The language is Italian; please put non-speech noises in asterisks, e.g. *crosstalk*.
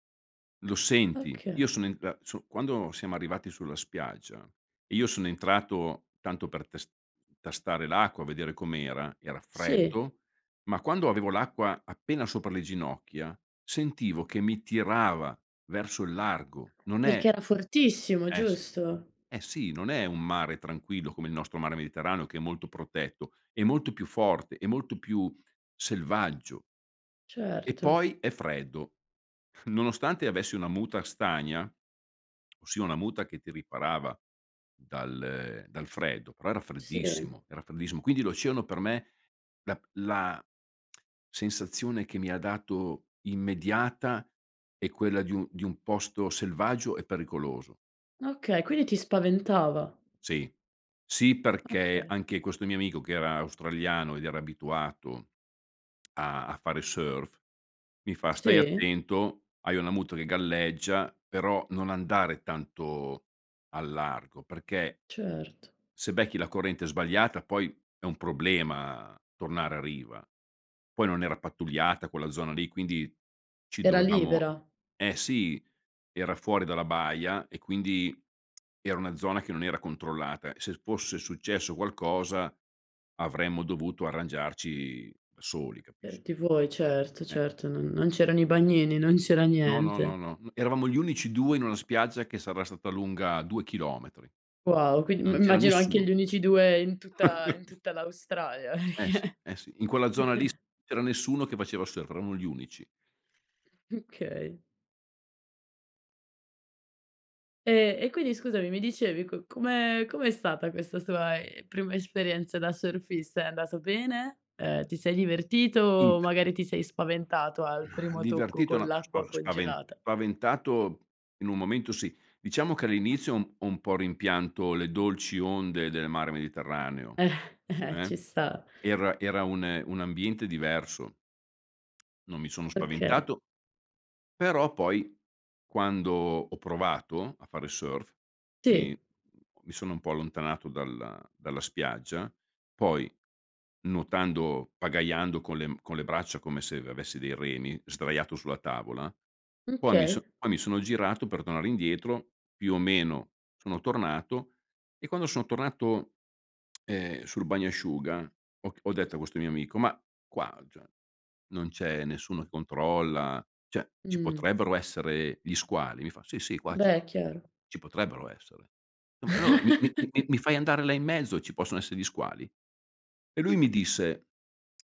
Lo senti! Io Okay. sono in a so quando siamo arrivati sulla spiaggia, e io sono entrato tanto per tes tastare l'acqua, vedere com'era, era Sì. freddo. Ma quando avevo l'acqua appena sopra le ginocchia, sentivo che mi tirava verso il largo. Non è Perché era fortissimo, Eh sì. giusto? Eh sì, non è un mare tranquillo come il nostro mare Mediterraneo che è molto protetto, è molto più forte, è molto più selvaggio. E Certo. poi è freddo. Nonostante avessi una muta stagna, ossia una muta che ti riparava dal ehm, dal freddo, però era Sì. freddissimo, era freddissimo. Quindi l'oceano per me la p la sensazione che mi ha dato, immediata, è quella di u di un posto selvaggio e pericoloso. Okay, quindi ti spaventava. Sì. Sì perché Okay. anche questo mio amico che era australiano ed era abituato a a fare surf, mi fa: "Stai Sì. attento, hai una muta che galleggia, però non andare tanto al largo perché" Certo. "se becchi la corrente sbagliata poi è un problema tornare a riva". Poi non era pattugliata quella zona lì, quindi ci Era dovevamo libera. eh sì, era fuori dalla baia e quindi era una zona che non era controllata e se fosse successo qualcosa avremmo dovuto arrangiarci da soli, capisci? Per ti vuoi certo, Eh. certo, no non c'erano i bagnini, non c'era No, no, no, niente. no. Uhm, eravamo gli unici 2 in una spiaggia che sarà stata lunga 2 chilometri. Wow! Quin mi Non c'era immagino anche nessuno. gli unici 2 in tutta in *chuckles* tutta l'Australia, Eh sì, perché eh sì. In quella zona lì s *chuckles* c'era nessuno che faceva surf, eravamo gli unici. Mh, okay. Ehm, e quindi scusami, mi dicevi, co come com'è stata questa tua, ehm, prima esperienza da surfista? È andato bene? Ehm, ti sei divertito o Int magari ti sei spaventato al Mah, primo tocco divertito con no. Ma spa l'acqua spavent congelata? spaventato, in un momento sì. Diciamo che all'inizio ho un po' rimpianto le dolci onde del mare Mediterraneo, Eh! Eh, eh, ci sta. era era un ehm, un ambiente diverso. Non mi sono Perché? spaventato però poi, quando ho provato a fare surf, mi Sì. mi sono un po' allontanato dalla dalla spiaggia. Poi nuotando pagaiando con le m con le braccia come se avessi dei remi, sdraiato sulla tavola. Mh, Poi mi so okay. poi mi sono girato per tornare indietro, più o meno son tornato, e quando sono tornato, ehm, sul bagnasciuga ho ch ho detto a questo mio amico: "Ma qua, cioè, non c'è nessuno controlla, cioè ci Mh. potrebbero essere gli squali?". Mi fa: "Sì, sì, qua ci Beh, po è chiaro. ci potrebbero essere". Eh ma allora mi mi mi mi *chuckles* mi fai andare là in mezzo, ci possono esse gli squali? E lui mi disse